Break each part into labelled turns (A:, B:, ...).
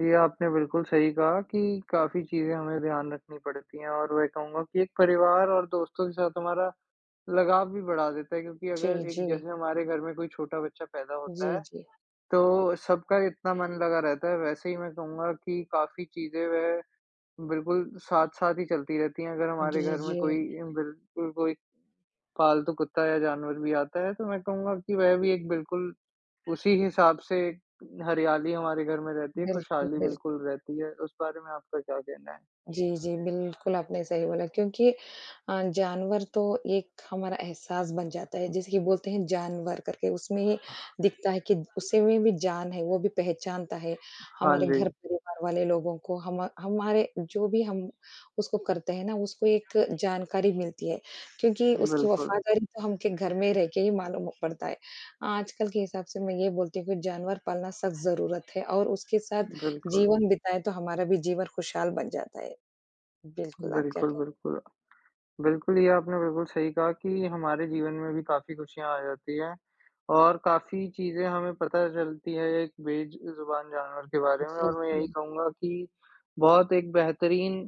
A: ये आपने बिल्कुल सही कहा कि काफ़ी चीज़ें हमें ध्यान रखनी पड़ती हैं और मैं कहूँगा कि एक परिवार और दोस्तों के साथ हमारा, लगाव भी बढ़ा देता है। क्योंकि अगर
B: जी,
A: एक
B: जी।
A: जैसे हमारे घर में कोई छोटा बच्चा पैदा होता
B: जी,
A: है,
B: जी।
A: तो सबका इतना मन लगा रहता है। वैसे ही मैं कहूँगा कि काफ़ी चीज़ें वह, बिल्कुल साथ-साथ ही चलती रहती हैं, अगर हमारे
B: जी,
A: घर में
B: जी।
A: कोई इन बिल्कुल कोई पालतू कुत्ता या जानवर भी आता है, तो मैं कहूँगा कि वह भी एक बिल्कुल उसी हिसाब से हरियाली हमारे घर में रहती है,
B: बिल्कुल,
A: खुशहाली
B: बिल्क
A: बिल्कुल रहती है। उस बारे में आपका क्या कहना है?
B: जी, जी, बिल्कुल आपने सही बोला, क्योंकि अ, जानवर तो एक हमारा एहसास बन जाता है, जैसे कि बोलते हैं जान वर करके उसमें दिखता है कि उसे में भी जान है, वो भी पहचानता है,
A: हाँ
B: हमारे
A: जी।
B: घर परिवार वाले लोगों को। हम हमारे जो भी हम उसको करते हैं ना उसको एक जानकारी मिलती है, क्योंकि उसकी
A: बिल्कुल।
B: वफ़ादारी तो हम के घर में रहकर ही मालूम पड़ता है। आजकल के हिसाब से मैं ये बोलती हूँ कि जानवर पालना सख़्त ज़रूरत है और उसके साथ
A: बिल्कुल।
B: जीवन बिताएँ तो हमारा भी जीवन खुशहाल बन जाता है। बिल्कुल, आप क्या
A: बिल्कुल,
B: कहेंगे?
A: बिल्कुल। बिल्कुल ये आपने बिल्कुल सही कहा कि हमारे जीवन में भी काफ़ी खुशियाँ आ जाती हैं। और काफ़ी चीज़ें हमें पता चलती है एक बेज जुबान जानवर के बारे में।
B: जी,
A: और मैं यही
B: जी।
A: कहूँगा कि बहुत एक बेहतरीन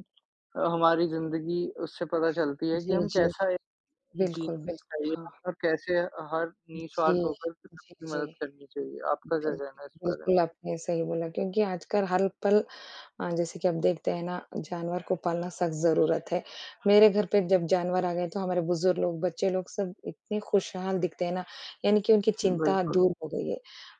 A: हमारी अ, ज़िंदगी उससे पता चलती है कि
B: जी,
A: हम
B: जी।
A: कैसा एक
B: बिल्कुल,
A: जीना
B: बिल्कुल,
A: चाहिए
B: हाँ।
A: और कैसे अ, हर निस्वार्थ
B: जी,
A: होकर
B: जी,
A: सबकी
B: जी।
A: मदद करनी चाहिए। आपका क्या
B: बिल्क
A: कहना है इस बारे में?
B: बिल्कुल आपने सही बोला। क्योंकि आजकल हर ल पल अ, जैसे कि आप देखते हैं ना जानवर को पालना सख़्त ज़रूरत है। मेरे घर पे जब जानवर आ गए तो हमारे बुजुर्ग लोग, बच्चे लोग सब इतने खुशहाल दिखते हैं ना, यानी कि उनकी चिंता
A: बिल्कुल।
B: दूर हो गई है।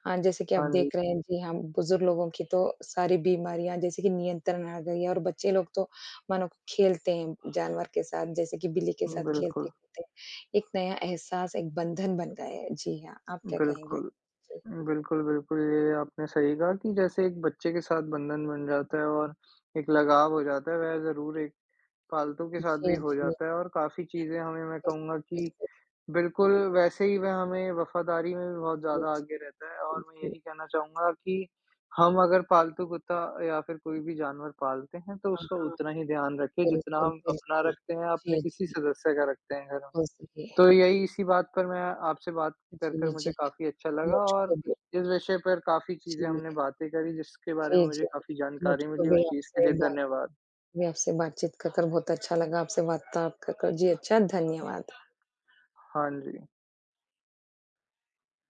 B: अ, जैसे कि आप
A: हाँ जी।
B: देख रहे हैं, जी हाँ, बुजुर्ग लोगों की तो सारी बीमारियाँ जैसे कि नियंत्रण आ गई हैं। और बच्चे लोग तो मानो खेलते हैं, जानवर के साथ जैसे कि बिल्ली के साथ
A: बिल्कुल।
B: खेलते-कूदते हैं, एक नया एहसास, एक बंधन बन गया है। जी हाँ, आप क्या कहेंगे?
A: बिल्कुल,
B: जी।
A: बिल्कुल, बिल्कुल। ये आपने सही कहा कि जैसे एक बच्चे के साथ बंधन बन जाता है और एक लगाव हो जाता है, वह ज़रूर एक पालतू के साथ
B: जी,
A: भी हो
B: जी।
A: जाता है। और काफ़ी चीज़ें हमें मैं
B: बिल्कुल,
A: कहूँगा, कि
B: बिल्कुल।
A: बिल्कुल वैसे ही वह हमें वफ़ादारी में बहुत
B: जी, जी।
A: ज़्यादा आगे रहता हैं और मैं
B: बिल्कुल।
A: यही कहना चाहूँगा कि हम अगर पालतू कुत्ता या फिर कोई भी जानवर पालते हैं, तो
B: हाँ,
A: उसका
B: हाँ।
A: उतना ही ध्यान रखें जितना
B: बिल्कुल,
A: हम अपना
B: बिल्कुल।
A: रखते हैं, अपने
B: जी,
A: किसी
B: जी।
A: सदस्य का रखते हैं घर में।
B: बहुत सही है।
A: तो यही इसी बात पर मैं आपसे बात कर कर
B: जी, जी।
A: मुझे काफ़ी अच्छा लगा और
B: मुझको भी।
A: इस विषय पर काफ़ी चीज़ें
B: जी।
A: हमने बातें करी जिसके बारे में
B: जी,
A: मुझे
B: जी।
A: काफ़ी जानकारी
B: मुझको
A: मिली,
B: भी
A: उस चीज़ के
B: आपसे
A: लिए
B: बात
A: धन्यवाद।
B: मैं आपसे बातचीत खत्म बहुत अच्छा लगा, आपसे वार्ताला कर कर जी, अच्छा धन्यवाद।
A: हाँ जी।